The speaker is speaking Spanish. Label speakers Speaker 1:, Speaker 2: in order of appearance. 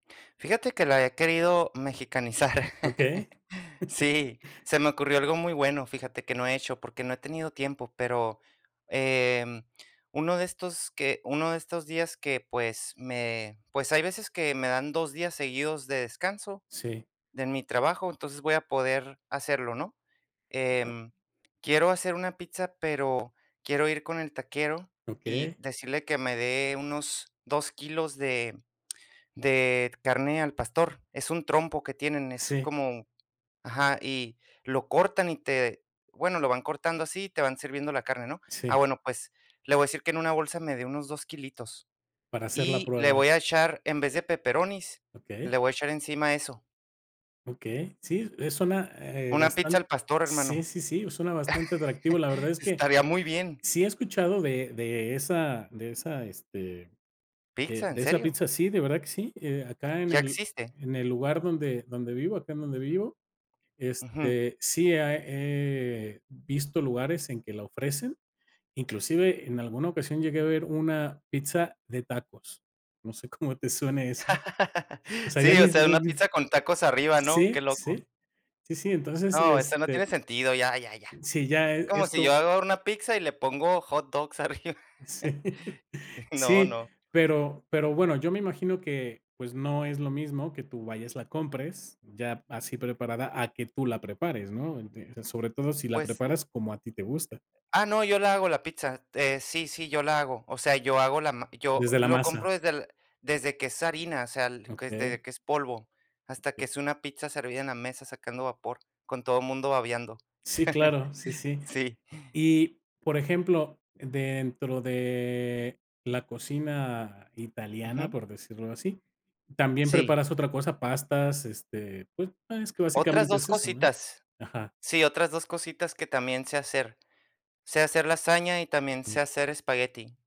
Speaker 1: Fíjate que la he querido mexicanizar.
Speaker 2: Okey.
Speaker 1: Sí, se me ocurrió algo muy bueno, fíjate, que no he hecho, porque no he tenido tiempo, pero, em, uno de estos que uno de estos días que, pues, me pues, hay veces que me dan 2 días seguidos de descanso
Speaker 2: Sí.
Speaker 1: de mi trabajo, entonces voy a poder hacerlo, ¿no? Em, quiero hacer una pizza, pero quiero ir con el taquero, y
Speaker 2: Okey.
Speaker 1: decirle que me dé unos 2 kilos de de carne al pastor, es un trompo que tienen, es
Speaker 2: Sí.
Speaker 1: como ajá, y lo cortan, y te bueno, lo van cortando así, te van sirviendo la carne, ¿no? Ah,
Speaker 2: Sí.
Speaker 1: bueno, pues, le voy a decir que en una bolsa me de unos 2 kilitos
Speaker 2: Para hacer la
Speaker 1: y le
Speaker 2: prueba.
Speaker 1: voy a echar, en vez de pepperonis,
Speaker 2: Okey.
Speaker 1: le voy a echar encima eso.
Speaker 2: Okey. Sí, eh, suena ,eh,
Speaker 1: Una pizza
Speaker 2: bastan
Speaker 1: al pastor,
Speaker 2: sí,
Speaker 1: hermano.
Speaker 2: sí, sí, suena bastante atractivo. La verdad es que
Speaker 1: Estaría muy bien.
Speaker 2: sí he escuchado de de esa de esa, este, de
Speaker 1: Pizza, ¿en
Speaker 2: de esa
Speaker 1: serio?
Speaker 2: pizza. Sí, de verdad que sí, eh, acá en
Speaker 1: ¿Ya
Speaker 2: el
Speaker 1: existe?
Speaker 2: en el lugar donde donde vivo, acá en donde vivo,
Speaker 1: Ujú.
Speaker 2: este, sí, ah, eh, he visto lugares en que la ofrecen. Inclusive, en alguna ocasión llegué a ver una pizza de tacos. No sé cómo te suene eso. O sea, ya
Speaker 1: Sí, o
Speaker 2: ni
Speaker 1: sea,
Speaker 2: ni
Speaker 1: una
Speaker 2: ni
Speaker 1: pizza con tacos arriba, ¿no?
Speaker 2: Sí,
Speaker 1: Qué loco.
Speaker 2: sí. Sí, sí, entonces,
Speaker 1: No, eso no
Speaker 2: este
Speaker 1: tiene sentido, ya, ya, ya.
Speaker 2: Sí, ya e
Speaker 1: Como
Speaker 2: es
Speaker 1: si yo
Speaker 2: como
Speaker 1: hago una pizza y le pongo hot dogs arriba.
Speaker 2: Sí.
Speaker 1: No,
Speaker 2: Sí,
Speaker 1: no.
Speaker 2: pero pero bueno, yo me imagino que, pues no es lo mismo que tú vayas, la compres ya así preparada, a que tú la prepares, ¿no? Ent Sobre todo, si la
Speaker 1: Pues
Speaker 2: preparas como a ti te gusta.
Speaker 1: Ah, no, yo la hago, la pizza, este, sí, sí, yo la hago. O sea, yo hago la ma yo
Speaker 2: Desde la
Speaker 1: lo
Speaker 2: masa.
Speaker 1: compro desde el desde que es harina, o sea, que es
Speaker 2: Okey.
Speaker 1: de que es polvo, hasta que
Speaker 2: Okey.
Speaker 1: es una pizza servida en la mesa sacando vapor, con todo mundo babeando.
Speaker 2: Sí claro, sí, sí.
Speaker 1: Sí.
Speaker 2: Y, por ejemplo, dentro de la cocina italiana,
Speaker 1: Ujú.
Speaker 2: por decirlo así. ¿También
Speaker 1: Sí.
Speaker 2: preparas otra cosa? Pastas, este, pues es que
Speaker 1: Otras
Speaker 2: básicamente
Speaker 1: 2
Speaker 2: es eso, ¿no?
Speaker 1: cositas.
Speaker 2: Ajá.
Speaker 1: Sí, otras 2 cositas que también sé hacer. Sé hacer lasaña y también
Speaker 2: Ujú.
Speaker 1: sé hacer espagueti.